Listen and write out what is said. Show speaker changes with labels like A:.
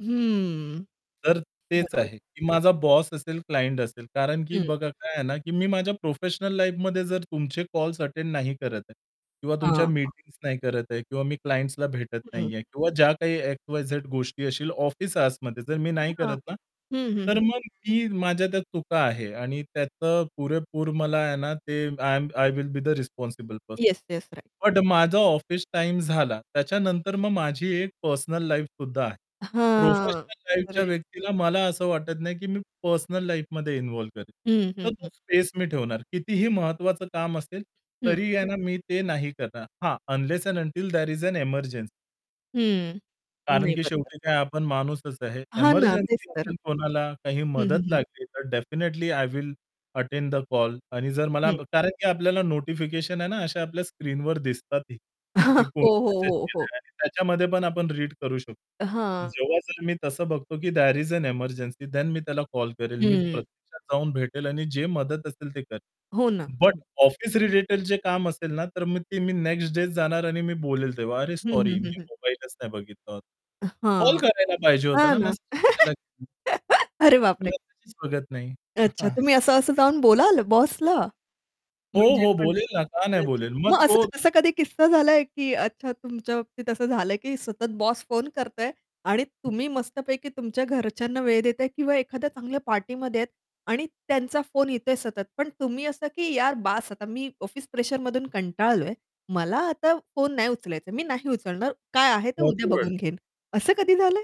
A: हम्म.
B: तर तेच
A: बरोबर.
B: आहे की माझा बॉस असेल, क्लायंट असेल, कारण की
A: हं.
B: बघा काय आहे ना की मी माझ्या प्रोफेशनल लाईफमध्ये जर तुमचे कॉल्स अटेंड नाही करत आहे किंवा
A: हां,
B: तुमच्या
A: हां.
B: मीटिंग्स नाही करत आहे किंवा मी क्लायंटसला भेटत
A: हं.
B: नाहीये किंवा ज्या काही एक्स-वाय-झेड गोष्टी असतीलल ऑफिस आवर्समध्ये, जर मी नाही
A: हां.
B: करत ना.
A: हं, हं,
B: तर
A: हं.
B: मग मी माझ्या त्या चुका आहे आणि त्याचं पुरेपूर मला आहे ना, ते I am I will be the responsible person
A: yes, yes. Right.
B: But माझा ऑफिस टाईम झाला. त्याच्यानंतर मग माझी एक पर्सनल लाईफसुद्धा आहे.
A: हां.
B: प्रोफेशनल लाईफच्या
A: राईट.
B: व्यक्तीला मला असं वाटत नाही, की मी पर्सनल लाईफमध्ये इन्व्हॉल्व्ह करेल.
A: हं,
B: तर
A: हं,
B: तो
A: हं.
B: स्पेस मी ठेवणार, कितीही महत्वाचं काम असेल
A: हं.
B: तरी आहे ना मी ते नाही करणार. हां unless and until there is an emergency.
A: हं,
B: कारण
A: नाही
B: की
A: बरोबर आहे.
B: शेवटी काय आपण माणूसच आहे.
A: हां ना, तेच
B: एमर्जन्सी
A: तर.
B: असेल कोणाला, काही
A: हं,
B: मदत
A: हं, हं.
B: लागली तर definitely I will attend the call आणि जर मला
A: हं.
B: कारण की आपल्याला नोटिफिकेशन आहे ना अशा आपल्या स्क्रीनवर दिसतात, की कोणी
A: हो, हो,
B: मेसेज
A: हो, हो.
B: केलेला आहे. त्याच्यामध्ये पण आपण रीड करू शकतो.
A: हां.
B: जेव्हा जर मी तसं बघतो की there is an emergency then मी त्याला कॉल करेल, मी
A: हम्म.
B: प्रत्यक्षात जाऊन भेटेल आणि जे मदत असेल ते करेल.
A: हो ना.
B: बट
A: हं.
B: ऑफिस रिलेटेड जे काम असेल ना, तर मी नेक्स्ट डे जाणार आणि मी बोलेल तेव्हा, "अरे
A: हं,
B: सॉरी
A: हं, हं,
B: मी
A: हं.
B: मोबाईलच नाही बघितला होता.
A: अ,
B: कॉल
A: हां.
B: करायला पाहिजे" "होता
A: हां
B: ना
A: ना
B: मेसेज कशाला." [unintelligible]
A: अरे
B: मी
A: बापरे!
B: मेसेजच बघत नाही.
A: अच्छा. तुम्ही असं-असं जाऊन बोलाल बॉसला?
B: हो,
A: म्हणजे
B: हो.
A: पण
B: बोलेल ना का नाही
A: अच्छा
B: बोलेल? मग
A: मग असं
B: तो
A: असा कधी किस्सा झालाय की अच्छा तुमच्या बाबतीत असं झालंय की सतत बॉस फोन करतोय आणि
B: हं.
A: तुम्ही मस्तपैकी तुमच्या घरच्यांना वेळ देताय किंवा एखाद्या चांगल्या पार्टीमध्ये आहेत आणि त्यांचा फोन येतोय सतत. पण तुम्ही असं की "यार बास आता मी ऑफिस प्रेशरमधून कंटाळलोय, मला आता फोन नाही उचलायचा, मी नाही उचलणार, काय आहे तर उद्या
B: भरपूर वेळ.
A: बघून घेईन." असं कधी झालंय?